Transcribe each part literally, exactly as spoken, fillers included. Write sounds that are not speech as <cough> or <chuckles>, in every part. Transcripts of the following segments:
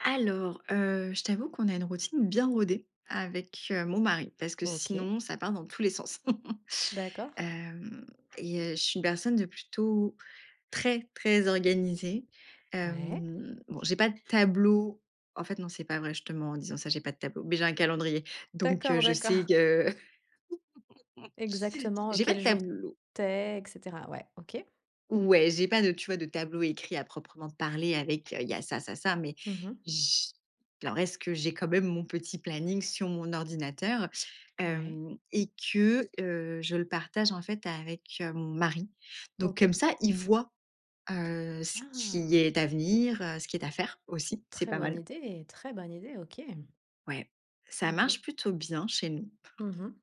Alors, heu, je t'avoue qu'on a une routine bien rodée, avec, heu, mon mari, parce que OK. sinon, ça part dans tous les sens. <chuckles> D'accord. Hem, et heu, je suis une personne de plutôt très, très organisée. Ouais. Hem, bon, j'ai pas de tableau en fait, non, c'est pas vrai, je te ments en disant ça. J'ai pas de tableau, mais j'ai un calendrier, donc D'accord, je sais d'accord. que <laughs> Exactement, j'ai pas quel de jour tableau. tu es, et cetera, ouais, OK. Ouais, j'ai pas de tu vois? De tableau écrit à proprement parler avec il y a ça ça ça, mais Mmh mh. j alors, est-ce que j'ai quand même mon petit planning sur mon ordinateur, Ouais. hem, et que, heu, je le partage en fait avec, heu, mon mari, donc comme OK. ça, il voit, heu, ce qui Ah! est à venir, heu, ce qui est à faire aussi, c'est Très pas bonne mal. idée, très bonne idée. OK. Ouais, ça OK. marche plutôt bien, chez nous. Mmh mh.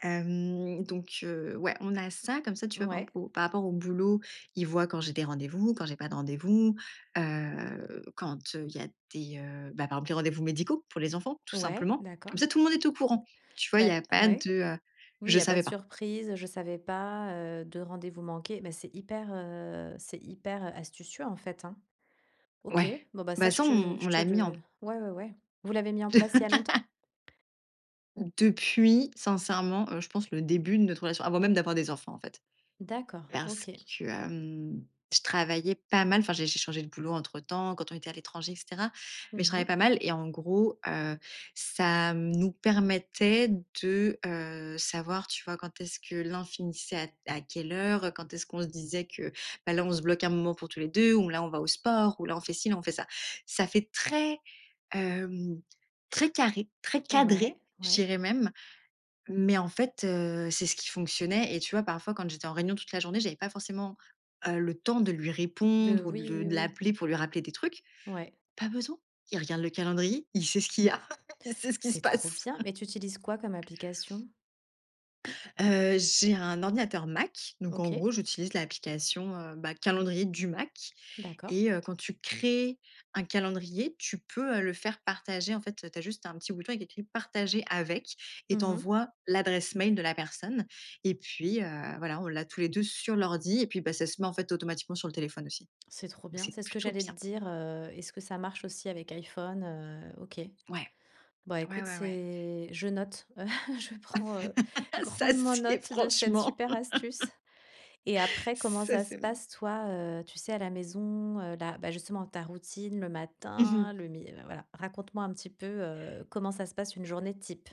Hem, donc heu, ouais, on a ça, comme ça, tu vois? Par Ouais. exemple au par rapport au boulot, ils voient quand j'ai des rendez-vous, quand j'ai pas de rendez-vous, heu, quand il y a des, heu, ben par exemple des rendez-vous médicaux pour les enfants tout Ouais, simplement. Comme ça d'accord. tout le monde est au courant. Tu vois? Il y Beh a pas ouais. de, heu, Oui, il je y a pas de savais pas. surprise, je savais pas, heu, de rendez-vous manqués, mais c'est hyper, heu c'est hyper astucieux en fait, hein. OK, Ouais, bon bah, ça, bah je ça, on te on je te l'a mis en le p ouais ouais ouais. Vous l'avez mis en place il y a longtemps? <laughs> Depuis, sincèrement, je pense, le début de notre relation, avant même d'avoir des enfants, en fait. D'accord, Parce OK. que, hem, je travaillais pas mal, enfin, j'ai j'ai changé de boulot entre temps quand on était à l'étranger, et cetera, Mmh mais je travaillais pas mh. mal et en gros, heu, ça mmh, nous permettait de, heu, savoir, tu vois? Quand est-ce que l'un finissait à t à quelle heure, quand est-ce qu'on se disait que bah là, on se bloque un moment pour tous les deux ou là, on va au sport ou là, on fait ci, là on fait ça. Ça fait très, hem, très carré, très Ouais, cadré, je ouais. dirais même, mais en fait, heu, c'est ce qui fonctionnait, et tu vois? Parfois, quand j'étais en réunion toute la journée, j'avais pas forcément, heu, le temps de lui De répondre ou de oui, le oui, de oui. l'appeler pour lui rappeler des trucs. Ouais. Pas besoin. Il regarde le calendrier, il sait ce qu'il y a, <laughs> il sait ce qui se C'est trop passe. bien, mais tu utilises quoi, comme application? Heu, j'ai un ordinateur Mac, donc en OK. gros j'utilise l'application, heu, bah, calendrier du Mac D'accord. et heu, quand tu crées un calendrier, tu peux, heu, le faire partager en fait tu as juste un petit bouton avec écrit «Partager avec» et tu Mmh mh. envoies l'adresse mail de la personne, et puis, heu, voilà, on l'a tous les deux sur l'ordi et puis bah, ça se met en fait, automatiquement sur le téléphone aussi, C'est trop donc bien. c'est C'est ce que plutôt j'allais te bien. dire, heu est-ce que ça marche aussi avec iPhone, heu? OK. Ouais, Bah, ouais, écoute, ouais, ouais. c'est je note. <chuckles> Je prends, heu, <laughs> Ça, grandement c'est note de cette franchement super astuce, et <laughs> après, comment ça, ça se c'est, mmh passe toi, heu, tu sais à la maison, heu, la bah justement ta routine, le Mmh matin, mh. le mi heu, voilà, raconte-moi un petit peu, heu, comment ça se passe une journée type?